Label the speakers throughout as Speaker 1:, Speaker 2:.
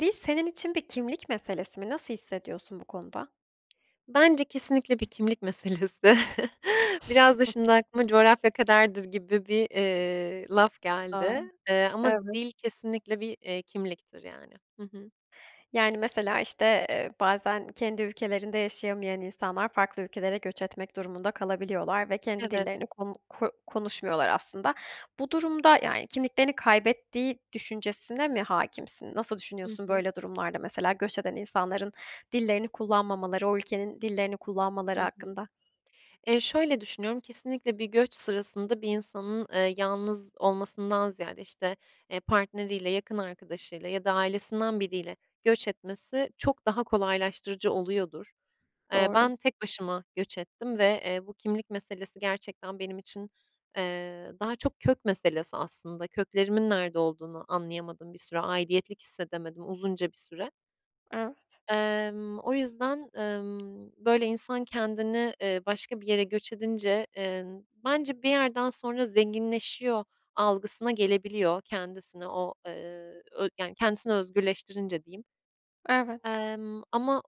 Speaker 1: Dil senin için bir kimlik meselesi mi? Nasıl hissediyorsun bu konuda?
Speaker 2: Bence kesinlikle bir kimlik meselesi. Biraz da şimdi aklıma "coğrafya kaderdir" gibi bir, eee, laf
Speaker 1: A!
Speaker 2: geldi, eee, ama
Speaker 1: Evet.
Speaker 2: dil kesinlikle bir, eee, kimliktir, yani. Hı hı.
Speaker 1: Yani, mesela işte, eee, bazen kendi ülkelerinde yaşayamayan insanlar farklı ülkelere göç etmek durumunda kalabiliyorlar ve kendi
Speaker 2: Evet.
Speaker 1: dillerini konu ko konuşmuyorlar aslında. Bu durumda, yani, kimliklerini kaybettiği düşüncesine mi hâkimsin? Nasıl
Speaker 2: Hı
Speaker 1: düşünüyorsun
Speaker 2: hı.
Speaker 1: böyle durumlarda mesela göç eden insanların dillerini kullanmamaları, o ülkenin dillerini
Speaker 2: Hı
Speaker 1: kullanmaları
Speaker 2: hı.
Speaker 1: hakkında?
Speaker 2: Eee, şöyle düşünüyorum, kesinlikle bir göç sırasında bir insanın, eee, yalnız olmasından ziyade, işte, eee, partneriyle, yakın arkadaşıyla ya da ailesinden biriyle göç etmesi çok daha kolaylaştırıcı oluyordur. Eee,
Speaker 1: Doğru.
Speaker 2: ben tek başıma göç ettim ve, eee, bu kimlik meselesi gerçekten benim için, eee, daha çok kök meselesi aslında. Köklerimin nerede olduğunu anlayamadım bir süre, aidiyetlik hissedemedim uzunca bir süre.
Speaker 1: Evet.
Speaker 2: Emm, o yüzden, ımm, böyle, insan kendini, eee, başka bir yere göç edince, eee, bence bir yerden sonra zenginleşiyor algısına gelebiliyor. Kendisini o, eee, ö yani kendisini özgürleştirince diyeyim.
Speaker 1: Evet.
Speaker 2: Emm, ama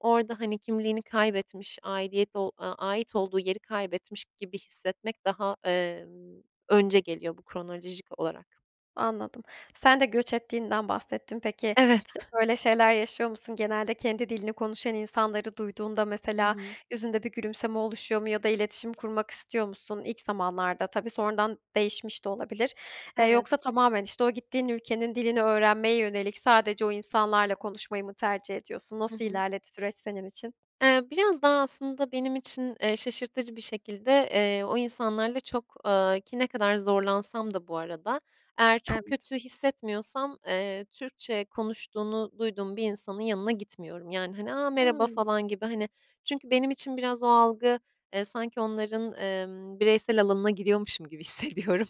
Speaker 2: orada, hani, kimliğini kaybetmiş, aidiyet ol aaa, ait olduğu yeri kaybetmiş gibi hissetmek daha, emm, önce geliyor bu kronolojik olarak.
Speaker 1: Anladım. Sen de göç ettiğinden bahsettin. Peki,
Speaker 2: Evet.
Speaker 1: işte, böyle şeyler yaşıyor musun? Genelde kendi dilini konuşan insanları duyduğunda
Speaker 2: Hı
Speaker 1: mesela
Speaker 2: hı.
Speaker 1: yüzünde bir gülümseme oluşuyor mu ya da iletişim kurmak istiyor musun? İlk zamanlarda tabii. Sonradan değişmiş de olabilir. Eee, yoksa
Speaker 2: Evet.
Speaker 1: tamamen, işte, o gittiğin ülkenin dilini öğrenmeye yönelik sadece o insanlarla konuşmayı mı tercih ediyorsun?
Speaker 2: Hı
Speaker 1: Nasıl
Speaker 2: hı.
Speaker 1: ilerledi süreç senin için?
Speaker 2: Eee, biraz daha aslında benim için, eee, şaşırtıcı bir şekilde, eee, o insanlarla çok, aaa ki ne kadar zorlansam da bu arada, eğer çok
Speaker 1: Evet.
Speaker 2: kötü hissetmiyorsam, eee, Türkçe konuştuğunu duyduğum bir insanın yanına gitmiyorum. Yani, hani, "A! Merhaba."
Speaker 1: Hımm.
Speaker 2: falan gibi, hani çünkü benim için biraz o algı, eee, sanki onların, emm, bireysel alanına giriyormuşum gibi hissediyorum.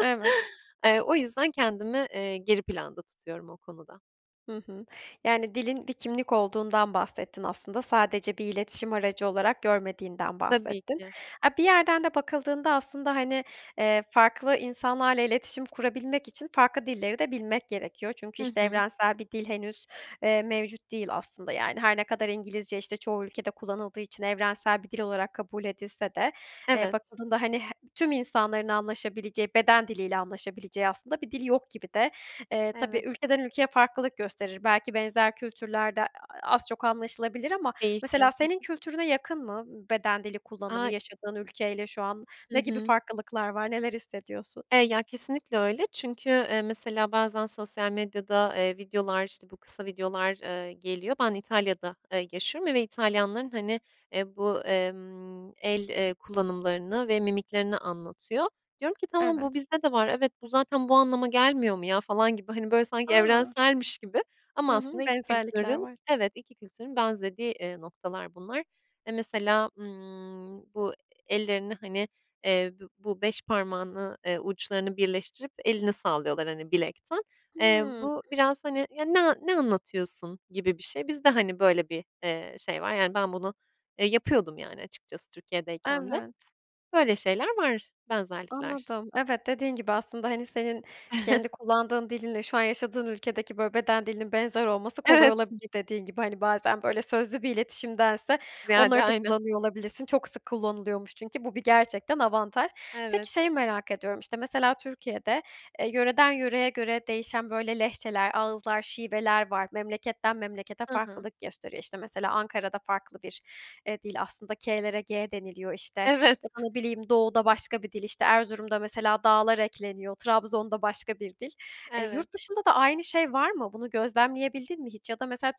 Speaker 1: Evet.
Speaker 2: Eee, o yüzden kendimi, eee, geri planda tutuyorum o konuda.
Speaker 1: Hı hı. Yani, dilin bir kimlik olduğundan bahsettin aslında. Sadece bir iletişim aracı olarak görmediğinden
Speaker 2: Tabii
Speaker 1: bahsettin.
Speaker 2: ki.
Speaker 1: A, bir yerden de bakıldığında aslında, hani, eee, farklı insanlarla iletişim kurabilmek için farklı dilleri de bilmek gerekiyor. Çünkü,
Speaker 2: Hı
Speaker 1: işte,
Speaker 2: hı.
Speaker 1: evrensel bir dil henüz, eee, mevcut değil aslında, yani. Her ne kadar İngilizce, işte, çoğu ülkede kullanıldığı için evrensel bir dil olarak kabul edilse de, eee,
Speaker 2: Evet.
Speaker 1: bakıldığında, hani, he tüm insanların anlaşabileceği, beden diliyle anlaşabileceği aslında bir dil yok gibi de. Eee, tabii
Speaker 2: Evet.
Speaker 1: ülkeden ülkeye farklılık gösterir belki benzer kültürlerde a az çok anlaşılabilir ama
Speaker 2: Değişiyor.
Speaker 1: mesela,
Speaker 2: Hı
Speaker 1: senin
Speaker 2: hı.
Speaker 1: kültürüne yakın mı, beden dili kullanımı
Speaker 2: A
Speaker 1: yaşadığın ülkeyle şu an
Speaker 2: Hı
Speaker 1: ne gibi
Speaker 2: hı.
Speaker 1: farklılıklar var, neler hissediyorsun?
Speaker 2: Eee, ya, kesinlikle öyle çünkü, eee, mesela bazen sosyal medyada, eee, videolar, işte, bu kısa videolar, eee, geliyor. Ben İtalya'da, eee, yaşıyorum ve İtalyanların, hani, eee, bu, emm, el, eee, kullanımlarını ve mimiklerini anlatıyor. Diyorum ki, "Tamam, bu
Speaker 1: Evet.
Speaker 2: bizde de var. Evet, bu zaten bu anlama gelmiyor mu, ya?" falan gibi, hani, böyle, sanki
Speaker 1: A!
Speaker 2: evrenselmiş gibi ama
Speaker 1: Hı hı,
Speaker 2: aslında iki
Speaker 1: benzerlikler
Speaker 2: kültürün
Speaker 1: var.
Speaker 2: Evet, iki kültürün benzediği, eee, noktalar bunlar. Eee, mesela, ımm, bu ellerini, hani, eee, bü bu 5 parmağını, eee, uçlarını birleştirip elini sallıyorlar, hani, bilekten. Eee,
Speaker 1: Hıı.
Speaker 2: bu biraz, hani, "Ya, ne ne anlatıyorsun?" gibi bir şey. Biz de, hani, böyle bir, eee, şey var. Yani, ben bunu, eee, yapıyordum, yani, açıkçası Türkiye'deyken de.
Speaker 1: Evet.
Speaker 2: Böyle şeyler var benzerlikler.
Speaker 1: Anladım. Evet, dediğin gibi aslında, hani, senin kendi kullandığın dilin ile şu an yaşadığın ülkedeki, böyle, beden dilinin benzer olması kolay
Speaker 2: Evet.
Speaker 1: olabilir dediğin gibi. Hani, bazen, böyle, sözlü bir iletişimdense
Speaker 2: Ziyade,
Speaker 1: onları da
Speaker 2: aynen.
Speaker 1: kullanıyor olabilirsin. Çok sık kullanılıyormuş çünkü bu bir gerçekten avantaj.
Speaker 2: Evet.
Speaker 1: Peki, şeyi merak ediyorum, işte, mesela Türkiye'de, eee, yöreden yöreye göre değişen, böyle, lehçeler, ağızlar, şiveler var. Memleketten memlekete
Speaker 2: Hı hı.
Speaker 1: farklılık gösteriyor. İşte, mesela Ankara'da farklı bir, eee, dil aslında k'lere g deniliyor, işte.
Speaker 2: Evet.
Speaker 1: Ya da, ne bileyim, doğuda başka bir dil, işte, Erzurum'da mesela da'lar ekleniyor. Trabzon'da başka bir dil. Eee,
Speaker 2: Evet.
Speaker 1: yurt dışında da aynı şey var mı? Bunu gözlemleyebildin mi hiç? Ya da mesela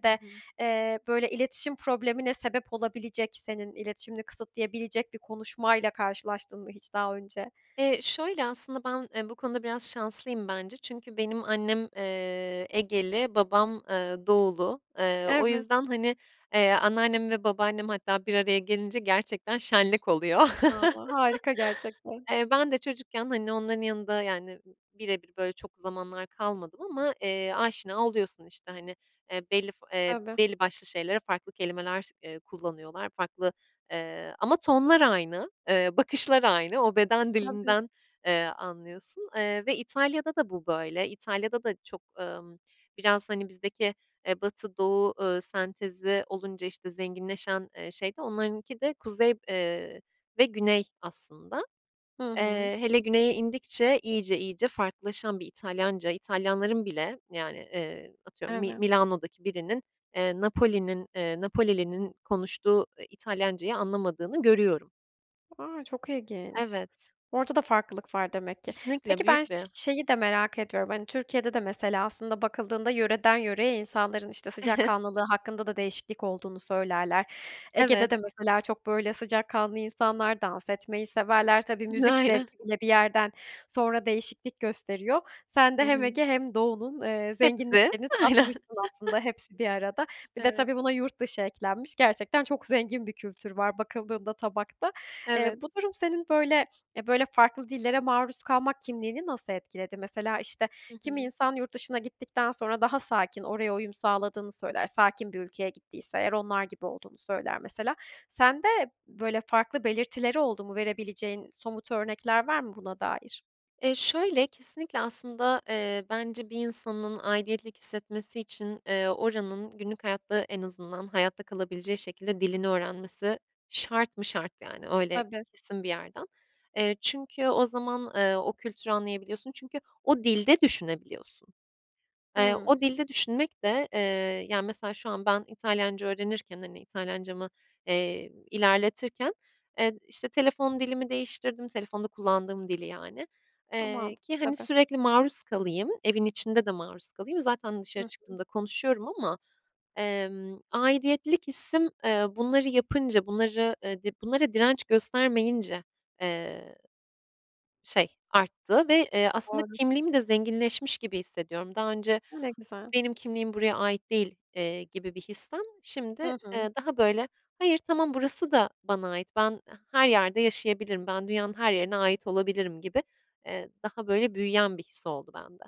Speaker 2: Hı hı.
Speaker 1: eee, böyle, iletişim problemine sebep olabilecek senin iletişimini kısıtlayabilecek bir konuşmayla karşılaştın mı hiç daha önce?
Speaker 2: Eee, şöyle aslında ben, eee, bu konuda biraz şanslıyım bence. Çünkü benim annem, eee, Egeli, babam, eee, Doğulu. Eee, o
Speaker 1: Evet.
Speaker 2: yüzden, hani, eee, anneannem ve babaannem hatta bir araya gelince gerçekten şenlik oluyor.
Speaker 1: A! harika gerçekten.
Speaker 2: Eee, ben de çocukken, hani, onların yanında, yani, b birebir, böyle, çok zamanlar kalmadım ama, eee, aşina oluyorsun. İşte, hani, eee, belli f eee,
Speaker 1: Tabii.
Speaker 2: belli başlı şeylere farklı kelimeler s eee, kullanıyorlar. Farklı, eee, ama tonlar aynı, eee, bakışlar aynı, o beden
Speaker 1: Tabii.
Speaker 2: dilinden, eee, anlıyorsun, eee, ve İtalya'da da bu böyle. İtalya'da da çok, emm, biraz, hani, bizdeki, eee, batı-doğu, eee, sentezi olunca, işte, zenginleşen, eee, şeyde onlarınki de kuzey, eee, ve güney aslında.
Speaker 1: Hı hı.
Speaker 2: Eee, hele güneye indikçe iyice iyice farklılaşan bir İtalyanca, İtalyanların bile, yani, eee, atıyorum Mi
Speaker 1: Evet.
Speaker 2: Milano'daki birinin, eee, Napoli'nin eee, Napolili'nin konuştuğu, eee, İtalyancayı anlamadığını görüyorum.
Speaker 1: A! Çok ilginç.
Speaker 2: Evet.
Speaker 1: Orda da farklılık var demek ki.
Speaker 2: Kesinlikle,
Speaker 1: Peki, ben
Speaker 2: büyük
Speaker 1: ş
Speaker 2: bir
Speaker 1: şeyi de merak ediyorum. Hani, Türkiye'de de mesela aslında bakıldığında yöreden yöreye insanların, işte, sıcakkanlılığı hakkında da değişiklik olduğunu söylerler. Ege'de
Speaker 2: Evet.
Speaker 1: de mesela çok, böyle, sıcakkanlı insanlar; dans etmeyi severler. Tabii,
Speaker 2: N
Speaker 1: müzik
Speaker 2: aynen.
Speaker 1: zevki bile bir yerden sonra değişiklik gösteriyor. Sen
Speaker 2: Hı
Speaker 1: de hem
Speaker 2: hı.
Speaker 1: Ege hem Doğu'nun, eee,
Speaker 2: Hepsi,
Speaker 1: zenginliklerini
Speaker 2: aynen.
Speaker 1: tatmışsın aslında hepsi bir arada. Bir de
Speaker 2: Evet.
Speaker 1: tabii buna yurt dışı eklenmiş gerçekten, çok zengin bir kültür var bakıldığında tabakta. Eee,
Speaker 2: Evet.
Speaker 1: bu durum senin, böyle, eee, böyle, farklı dillere maruz kalmak kimliğini nasıl etkiledi? Mesela, işte,
Speaker 2: Hı
Speaker 1: kimi
Speaker 2: hı.
Speaker 1: insan yurt dışına gittikten sonra daha sakin, oraya uyum sağladığını söyler, sakin bir ülkeye gittiyse eğer onlar gibi olduğunu söyler mesela. Sende böyle farklı belirtileri oldu mu, verebileceğin somut örnekler var mı, buna dair?
Speaker 2: Eee, şöyle, kesinlikle aslında, eee, bence bir insanın aidiyetlik hissetmesi için, eee, oranın günlük hayatta en azından hayatta kalabileceği şekilde dilini öğrenmesi şart mı şart, yani, öyle
Speaker 1: Tabii.
Speaker 2: kesin bir yerden. Eee, çünkü o zaman, eee, o kültürü anlayabiliyorsun çünkü o dilde düşünebiliyorsun. Eee,
Speaker 1: Hıı.
Speaker 2: o dilde düşünmek de, eee, yani, mesela, şu an ben İtalyanca öğrenirken, hani, İtalyancamı, eee, ilerletirken, eee, işte, telefon dilimi değiştirdim. Telefonda kullandığım dili, yani,
Speaker 1: Eee,
Speaker 2: eee, ki,
Speaker 1: mantıklı
Speaker 2: hani,
Speaker 1: tabii.
Speaker 2: sürekli maruz kalayım, evin içinde de maruz kalayım. Zaten
Speaker 1: Hı
Speaker 2: dışarı
Speaker 1: hı.
Speaker 2: çıktığımda konuşuyorum ama, emm, aidiyetlik hissim, eee, bunları yapınca, bunları, eee, dı bunlara direnç göstermeyince, eee, şey arttı. Ve, eee, aslında
Speaker 1: Doğru.
Speaker 2: kimliğim de zenginleşmiş gibi hissediyorum. Daha önce,
Speaker 1: A! Ne güzel.
Speaker 2: "Benim kimliğim buraya ait değil." eee, gibi bir histen şimdi,
Speaker 1: Hı hı.
Speaker 2: eee, daha, böyle, "Hayır, tamam burası da bana ait, ben her yerde yaşayabilirim, ben dünyanın her yerine ait olabilirim." gibi, eee, daha, böyle, büyüyen bir his oldu bende.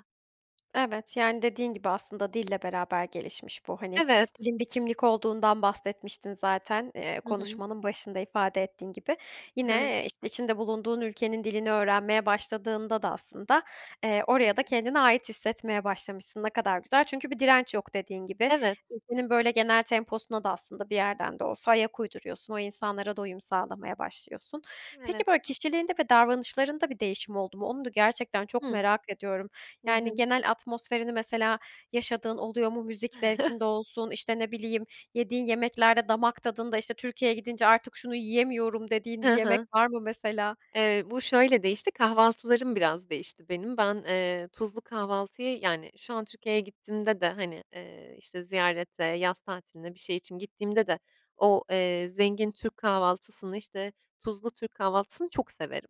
Speaker 1: Evet, yani, dediğin gibi aslında dille beraber gelişmiş bu. Hani,
Speaker 2: Evet.
Speaker 1: dilin bir kimlik olduğundan bahsetmiştin zaten, eee,
Speaker 2: Hı hı.
Speaker 1: konuşmanın başında ifade ettiğin gibi. Yine,
Speaker 2: Evet.
Speaker 1: eee, işte, içinde bulunduğun ülkenin dilini öğrenmeye başladığında da aslında, eee,
Speaker 2: Hı
Speaker 1: oraya da
Speaker 2: hı.
Speaker 1: kendine ait hissetmeye başlamışsın. Ne kadar güzel çünkü bir direnç yok dediğin gibi.
Speaker 2: Evet.
Speaker 1: Ülkenin, böyle, genel temposuna da aslında bir yerden de olsa ayak uyduruyorsun, o insanlara da uyum sağlamaya başlıyorsun.
Speaker 2: Evet.
Speaker 1: Peki, böyle, kişiliğinde ve davranışlarında bir değişim oldu mu? Onu da gerçekten çok
Speaker 2: Hımm.
Speaker 1: merak ediyorum.
Speaker 2: Hı
Speaker 1: Yani,
Speaker 2: hı.
Speaker 1: genel atmosferini mesela yaşadığın oluyor mu? Müzik zevkinde olsun, işte, ne bileyim yediğin yemeklerde, damak tadında, işte, "Türkiye'ye gidince artık şunu yiyemiyorum." dediğin bir
Speaker 2: Hı
Speaker 1: yemek
Speaker 2: hı.
Speaker 1: var mı mesela?
Speaker 2: Eee, bu şöyle değişti, kahvaltılarım biraz değişti benim. Ben, eee, tuzlu kahvaltıyı yani, şu an Türkiye'ye gittiğimde de, hani, eee, işte, ziyarete, yaz tatiline, bir şey için gittiğimde de o, eee, zengin Türk kahvaltısını, işte, tuzlu Türk kahvaltısını çok severim.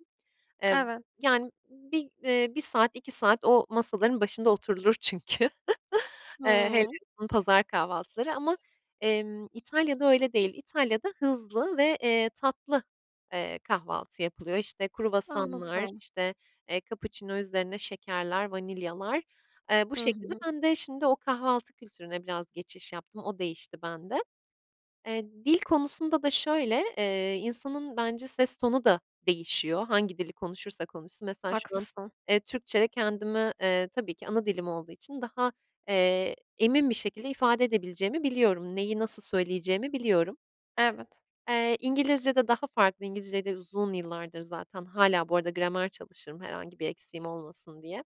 Speaker 2: Eee,
Speaker 1: Evet.
Speaker 2: yani, bir eee, 1 saat, 2 saat o masaların başında oturulur çünkü. Eee, hele
Speaker 1: Hıı.
Speaker 2: o pazar kahvaltıları ama, emm, İtalya'da öyle değil. İtalya'da hızlı ve, eee, tatlı, eee, kahvaltı yapılıyor. İşte, kruvasanlar,
Speaker 1: Anladım.
Speaker 2: işte, eee, kapuçino üzerine şekerler, vanilyalar, eee, bu
Speaker 1: Hı
Speaker 2: şekilde.
Speaker 1: hı.
Speaker 2: Ben de şimdi o kahvaltı kültürüne biraz geçiş yaptım. O değişti bende. Eee, dil konusunda da şöyle, eee, insanın bence ses tonu da değişiyor hangi dili konuşursa konuşsun. Mesela şu an,
Speaker 1: Haklısın.
Speaker 2: eee, Türkçe'de kendimi, eee, tabii ki ana dilim olduğu için daha, eee, emin bir şekilde ifade edebileceğimi biliyorum. Neyi nasıl söyleyeceğimi biliyorum.
Speaker 1: Evet.
Speaker 2: Eee, İngilizcede daha farklı. İngilizceyi de uzun yıllardır zaten. Hâlâ bu arada gramer çalışırım herhangi bir eksiğim olmasın diye.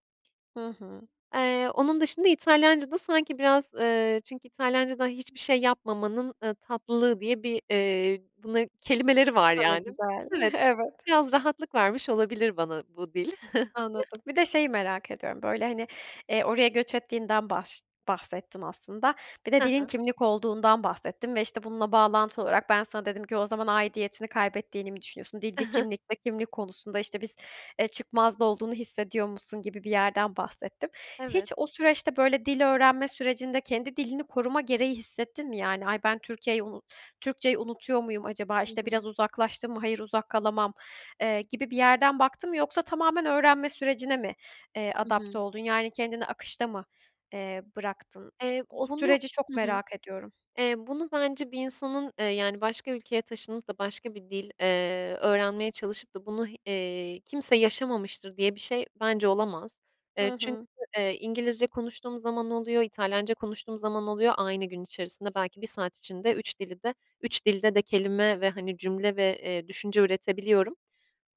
Speaker 1: Hı hı.
Speaker 2: Eee, onun dışında İtalyancada sanki biraz, eee çünkü İtalyancada hiçbir şey yapmamanın, eee, tatlılığı diye bir, eee, buna kelimeleri
Speaker 1: A!
Speaker 2: var,
Speaker 1: Ne
Speaker 2: yani.
Speaker 1: güzel.
Speaker 2: Evet,
Speaker 1: Evet.
Speaker 2: biraz rahatlık vermiş olabilir bana bu dil.
Speaker 1: Anladım. Bir de şeyi merak ediyorum, böyle, hani, eee, oraya göç ettiğinden bahş bahsettin aslında. Bir de
Speaker 2: Hı
Speaker 1: dilin
Speaker 2: hı.
Speaker 1: kimlik olduğundan bahsettin ve, işte, bununla bağlantılı olarak ben sana dedim ki: "O zaman aidiyetini kaybettiğini mi düşünüyorsun? Dil bir kimlik ve kimlik konusunda, işte, biz eee, çıkmazda olduğunu hissediyor musun?" gibi bir yerden bahsettim.
Speaker 2: Evet.
Speaker 1: Hiç o süreçte, böyle, dil öğrenme sürecinde kendi dilini koruma gereği hissettin mi? Yani, "Ay, ben Türkiye'yi unu Türkçeyi unutuyor muyum acaba?"
Speaker 2: Hı
Speaker 1: İşte, "Biraz
Speaker 2: hı.
Speaker 1: uzaklaştım mı? Hayır, uzak kalamam." Eee, gibi bir yerden baktın mı yoksa tamamen öğrenme sürecine mi, eee,
Speaker 2: Hı
Speaker 1: adapte
Speaker 2: hı.
Speaker 1: oldun? Yani, kendini akışta mı, eee, bıraktın?
Speaker 2: Eee,
Speaker 1: O
Speaker 2: bunu
Speaker 1: süreci çok
Speaker 2: Hı hı.
Speaker 1: merak ediyorum.
Speaker 2: Eee, bunu bence bir insanın, eee, yani, başka ülkeye taşınıp da başka bir dil, eee, öğrenmeye çalışıp da bunu, eee, kimse yaşamamıştır diye bir şey bence olamaz. Eee,
Speaker 1: Hı
Speaker 2: çünkü,
Speaker 1: hı.
Speaker 2: eee, İngilizce konuştuğum zaman oluyor, İtalyanca konuştuğum zaman oluyor. Aynı gün içerisinde belki 1 saat içinde 3 dili de 3 dilde de kelime ve, hani, cümle ve, eee, düşünce üretebiliyorum.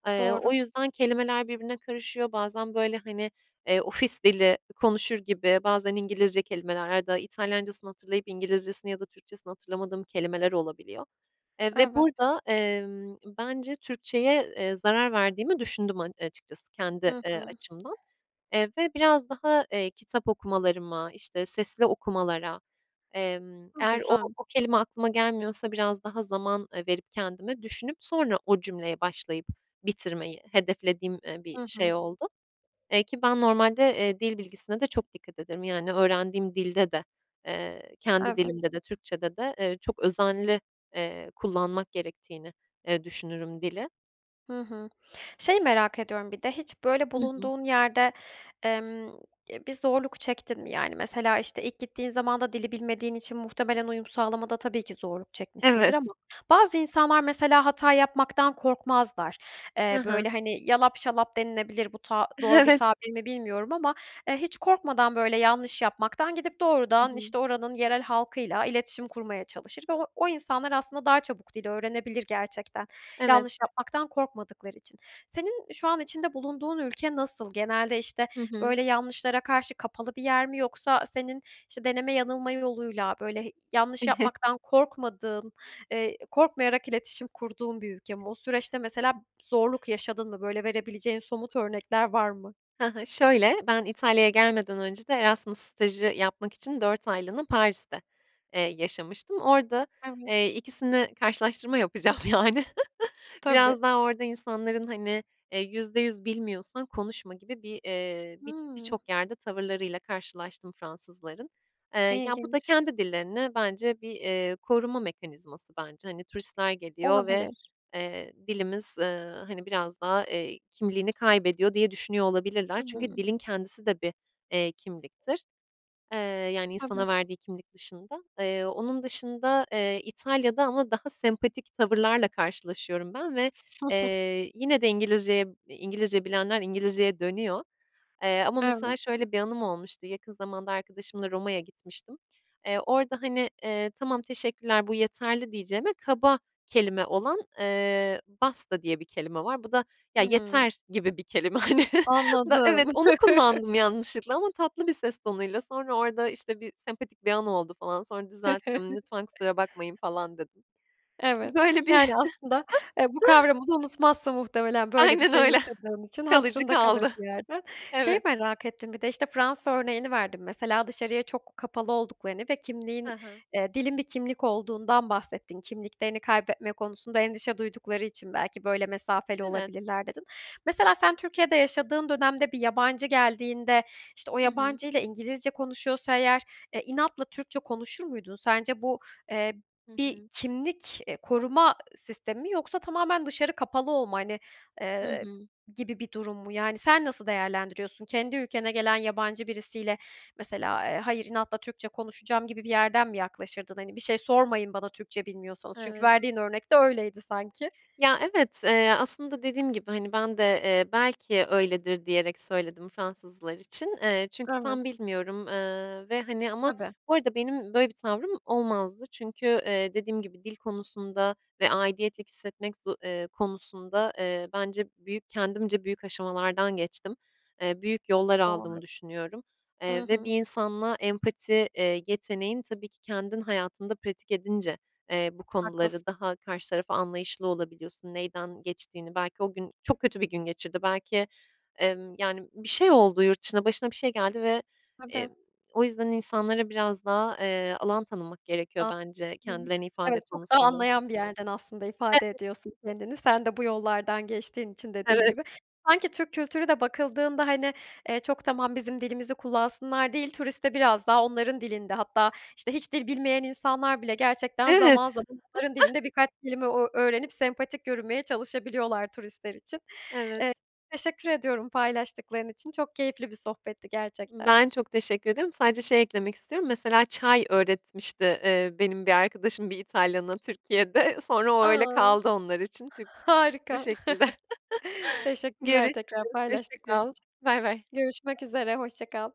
Speaker 2: Eee, o
Speaker 1: Doğru.
Speaker 2: yüzden kelimeler birbirine karışıyor. Bazen, böyle, hani, eee, ofis dili konuşur gibi, bazen İngilizce kelimeler ya da İtalyancasını hatırlayıp İngilizcesini ya da Türkçesini hatırlamadığım kelimeler olabiliyor. Eee, ve
Speaker 1: Evet.
Speaker 2: burada, emm, bence Türkçeye, eee, zarar verdiğimi düşündüm a açıkçası kendi,
Speaker 1: Hı
Speaker 2: eee,
Speaker 1: hı.
Speaker 2: açımdan. Eee, ve biraz daha, eee, kitap okumalarıma, işte, sesli okumalara, emm,
Speaker 1: Hı,
Speaker 2: eğer o
Speaker 1: güzel.
Speaker 2: o kelime aklıma gelmiyorsa biraz daha zaman, eee, verip kendime, düşünüp sonra o cümleye başlayıp bitirmeyi hedeflediğim, eee, bir
Speaker 1: Hı hı.
Speaker 2: şey oldu. Eee, ki ben normalde, eee, dil bilgisine de çok dikkat ederim. Yani, öğrendiğim dilde de, eee, kendi
Speaker 1: Evet.
Speaker 2: dilimde de, Türkçede de, eee, çok özenli, eee, kullanmak gerektiğini, eee, düşünürüm dili.
Speaker 1: Hı hı. Şeyi merak ediyorum bir de. Hiç böyle
Speaker 2: Hı hı.
Speaker 1: bulunduğun yerde, emm, e, bir zorluk çektin mi yani? Mesela, işte, ilk gittiğin zamanda dili bilmediğin için muhtemelen uyum sağlamada tabii ki zorluk çekmişsindir.
Speaker 2: Evet.
Speaker 1: Ama bazı insanlar mesela hata yapmaktan korkmazlar.
Speaker 2: Hı
Speaker 1: Eee,
Speaker 2: hı.
Speaker 1: böyle hani yalap şalap denilebilir. Bu ta doğru bir
Speaker 2: Evet.
Speaker 1: tabir mi bilmiyorum ama, eee, hiç korkmadan böyle yanlış yapmaktan gidip
Speaker 2: Hı
Speaker 1: doğrudan
Speaker 2: hı.
Speaker 1: işte oranın yerel halkıyla iletişim kurmaya çalışır ve o o insanlar aslında daha çabuk dil öğrenebilir gerçekten.
Speaker 2: Evet.
Speaker 1: Yanlış yapmaktan korkmadıkları için. Senin şu an içinde bulunduğun ülke nasıl? Genelde, işte,
Speaker 2: Hı hı.
Speaker 1: böyle yanlışlara karşı kapalı bir yer mi? Yoksa senin işte deneme yanılma yoluyla böyle. Yanlış yapmaktan korkmadığın, eee, korkmayarak iletişim kurduğun bir ülke mi? O süreçte mesela zorluk yaşadın mı? Böyle verebileceğin somut örnekler var mı?
Speaker 2: Ha hı. Şöyle, ben İtalya'ya gelmeden önce de Erasmus stajı yapmak için 4 aylığına Paris'te, eee, yaşamıştım. Orada,
Speaker 1: Evet.
Speaker 2: eee, 2'sini karşılaştırma yapacağım yani.
Speaker 1: Tabii.
Speaker 2: Biraz daha orada insanların, hani, eee, %100 bilmiyorsan konuşma gibi bir, eee, bi
Speaker 1: Hımm.
Speaker 2: birçok yerde tavırlarıyla karşılaştım Fransızların. Eee, ya, bu da
Speaker 1: lginç.
Speaker 2: kendi dillerini bence bir, eee, koruma mekanizması bence. Hani, turistler geliyor ve,
Speaker 1: Olabilir.
Speaker 2: eee, dilimiz, eee, hani, biraz daha, eee, kimliğini kaybediyor diye düşünüyor olabilirler. Çünkü
Speaker 1: Hıı.
Speaker 2: dilin kendisi de bir, eee, kimliktir. Eee, yani,
Speaker 1: Tabii.
Speaker 2: insana verdiği kimlik dışında. Eee, onun dışında, eee, İtalya'da ama daha sempatik tavırlarla karşılaşıyorum ben ve, eee, yine de İngilizceye İngilizce bilenler İngilizceye dönüyor. Eee, ama mesela
Speaker 1: Evet.
Speaker 2: şöyle bir anım olmuştu. Yakın zamanda arkadaşımla Roma'ya gitmiştim. Eee, orada hani, eee, "Tamam, teşekkürler. Bu yeterli." diyeceğime. Kaba kelime olan, eee, basta diye bir kelime var. Bu da "Ya,
Speaker 1: Hıı.
Speaker 2: yeter!" gibi bir kelime, hani. Na evet,
Speaker 1: Anladım.
Speaker 2: onu kullandım yanlışlıkla. Ama tatlı bir ses tonuyla sonra orada işte bir sempatik bir an oldu falan. Sonra düzelttim, "Lütfen, kusura bakmayın." falan dedim.
Speaker 1: Evet.
Speaker 2: Böyle bir
Speaker 1: Yani, aslında, eee, bu kavramını unutmazsın muhtemelen, böyle bir
Speaker 2: Aynen
Speaker 1: şey
Speaker 2: öyle.
Speaker 1: yaşadığım için.
Speaker 2: Kalıcı
Speaker 1: Hatırında kalır
Speaker 2: kaldı.
Speaker 1: bir yerde. Şeyi
Speaker 2: Evet.
Speaker 1: merak ettim bir de. İşte Fransa örneğini verdin mesela. Dışarıya çok kapalı olduklarını ve
Speaker 2: He
Speaker 1: kimliğin,
Speaker 2: he.
Speaker 1: eee, dilin bir kimlik olduğundan bahsettin. Kimliklerini kaybetme konusunda endişe duydukları için belki böyle mesafeli
Speaker 2: Evet.
Speaker 1: olabilirler dedin. Mesela sen Türkiye'de yaşadığın dönemde bir yabancı geldiğinde, işte, o
Speaker 2: Hı hı.
Speaker 1: yabancıyla İngilizce konuşuyorsa eğer, eee, inatla Türkçe konuşur muydun? Sence bu, eee, bir kimlik, eee, koruma sistemi mi? Yoksa tamamen dışarı kapalı olma, hani,
Speaker 2: Hı
Speaker 1: eee,
Speaker 2: hı.
Speaker 1: gibi bir durum mu? Yani, sen nasıl değerlendiriyorsun? Kendi ülkene gelen yabancı birisiyle, mesela, eee, hayır inatla Türkçe konuşacağım gibi bir yerden mi yaklaşırdın? Hani "Bir şey sormayın bana, Türkçe bilmiyorsanız." Çünkü
Speaker 2: Evet.
Speaker 1: verdiğin örnekte öyleydi sanki.
Speaker 2: Ya, evet, eee, aslında dediğim gibi hani bende, eee, "belki öyledir" diyerek söyledim Fransızlar için. Eee, çünkü
Speaker 1: Evet.
Speaker 2: tam bilmiyorum. Eee, ve, hani, ama
Speaker 1: Tabii.
Speaker 2: bu arada benim böyle bir tavrım olmazdı. Çünkü, eee, dediğim gibi dil konusunda ve aidiyet hissetmek, eee, konusunda, eee, bence büyük kendimce büyük aşamalardan geçtim. Eee, büyük yollar
Speaker 1: [unintelligible]
Speaker 2: aldım düşünüyorum.
Speaker 1: Hı
Speaker 2: Eee, ve bir
Speaker 1: hı.
Speaker 2: insanla empati, eee, yeteneğim, tabii ki kendim hayatında pratik edince, eee, bu konuları
Speaker 1: Haklısın.
Speaker 2: daha karşı taraf anlayışlı olabiliyorsun, neyden geçtiğini. Belki o gün çok kötü bir gün geçirdi. Belki, emm, yani, bir şey oldu yurt dışında, başına bir şey geldi ve, eee,
Speaker 1: Tabii.
Speaker 2: o yüzden insanlara biraz daha, eee, alan tanımak gerekiyor bence
Speaker 1: Anladım.
Speaker 2: kendilerine
Speaker 1: Evet,
Speaker 2: ifade
Speaker 1: çok da
Speaker 2: konusunda.
Speaker 1: anlayan bir yerden aslında ifade
Speaker 2: Evet.
Speaker 1: ediyorsun kendini. Sen de bu yollardan geçtiğin için dediğin
Speaker 2: Evet.
Speaker 1: gibi. Sanki Türk kültürü de bakıldığında hani, eee, çok tamam, bizim dilimizi kullansınlar değil. Turistte biraz daha onların dilinde hatta işte hiç dil bilmeyen insanlar bile gerçekten zaman
Speaker 2: Evet.
Speaker 1: zaman onların dilinde birkaç kelime o ö öğrenip sempatik yürümeye çalışabiliyorlar, turistler için.
Speaker 2: Evet.
Speaker 1: Eee, teşekkür ediyorum paylaştıkların için. Çok keyifli bir sohbetti gerçekten.
Speaker 2: Ben çok teşekkür ediyorum. Sadece şey eklemek istiyorum. Mesela çay öğretmişti, eee, benim bir arkadaşım, bir İtalyan'a Türkiye'de. Sonra o
Speaker 1: A!
Speaker 2: öyle kaldı onlar için Türk Bu
Speaker 1: Harika.
Speaker 2: şekilde.
Speaker 1: Teşekkürler, tekrar
Speaker 2: Görüşürüz, hoşça
Speaker 1: paylaştıkları
Speaker 2: kal.
Speaker 1: için.
Speaker 2: Baybay.
Speaker 1: Görüşmek üzere. Hoşça kal.